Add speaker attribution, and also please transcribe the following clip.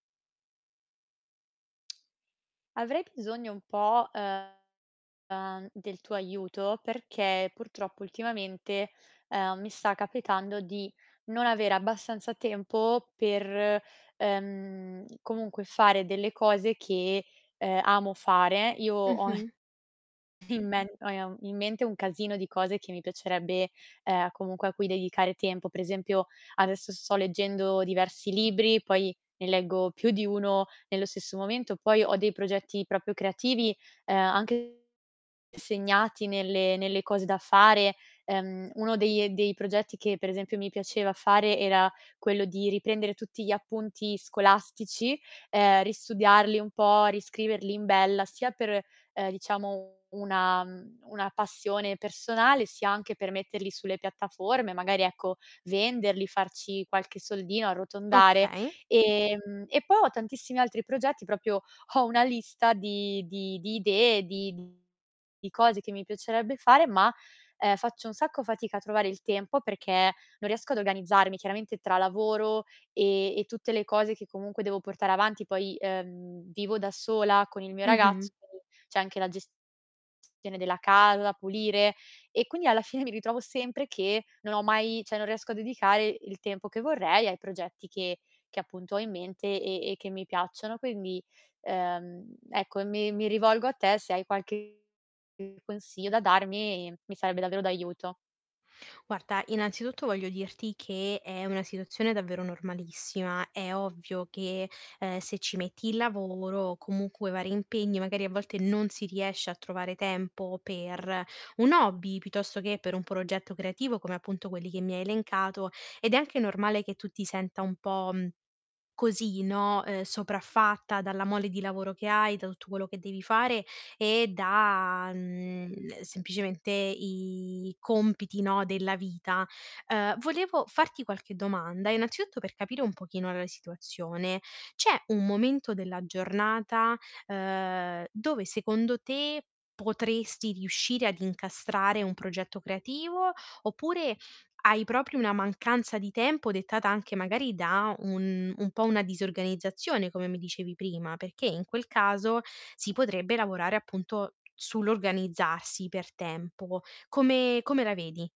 Speaker 1: Avrei bisogno un po', uhm, del tuo aiuto perché purtroppo ultimamente, uhm, mi sta capitando di non aver abbastanza tempo per, ehm, comunque, fare delle cose che, ehm, amo fare. Io ho d
Speaker 2: Mh-mh.
Speaker 1: in men [unintelligible] in mente un calzino di cose che mi piacerebbe, uhm, comunque a cui dedicare tempo. Per esempio, adesso sto leggendo diversi libri, poi ne leggo più di 1 nello stesso momento, poi ho dei progetti proprio creativi, uhm, anche segnati nelle nelle cose da fare, ehm, uno dei e dei progetti che, per esempio, mi piaceva fare era quello di riprendere tutti gli appunti scolastici, ehm, ristudiarli un po', riscriverli in bella, sia per, uhm, diciamo una mhmm, una passione personale, sia anche per metterli sulle piattaforme, magari, ecco, venderli, farci qualche soldino, e arrotondare.
Speaker 2: Okay.
Speaker 1: Ehm, e poi ho tantissimi altri progetti, proprio ho una lista di di di idee, di mhmm, di cose che mi piacerebbe fare, ma, uhm, faccio un sacco fatica a trovare il tempo perché non riesco ad organizzarmi, chiaramente tra lavoro, e e tutte le cose che comunque devo portare avanti. Poi, ehm, vivo da sola con il mio ragazzo,
Speaker 2: Mh-mh.
Speaker 1: c'è anche la gestione della casa da pulire. E, quindi alla fine mi ritrovo sempre che non ho mai cioè non riesco a dedicare il tempo che vorrei ai progetti che che, appunto, ho in mente, e e che mi piacciono. Quindi, uhm, ecco, mi mi rivolgo a te, se hai qualche consiglio da darmi, mi sarebbe davvero d'aiuto.
Speaker 2: Guarda, innanzitutto, voglio dirti che è una situazione davvero normalissima. È ovvio che, ehm, se ci metti il lavoro, o comunque vari impegni, magari, a volte, non si riesce a trovare tempo per un hobby, piuttosto che per un progetto creativo come, appunto, quelli che mi hai elencato, ed è anche normale che tu ti senta un po', mhmm, così, no, uhm, sopraffatta, dalla mole di lavoro che hai, da tutto quello che devi fare, e da, mhmm, semplicemente i compiti, no, della vita. Uhm, volevo farti qualche domanda, innanzitutto, per capire un pochino la situazione. C'è un momento della giornata, uhm, dove, secondo te, potresti riuscire ad incastrare un progetto creativo, oppure hai proprio una mancanza di tempo dettata anche, magari, da un un po' una disorganizzazione, come mi dicevi prima? Perché in quel caso si potrebbe lavorare, appunto, sull'organizzarsi per tempo. Come come la vedi?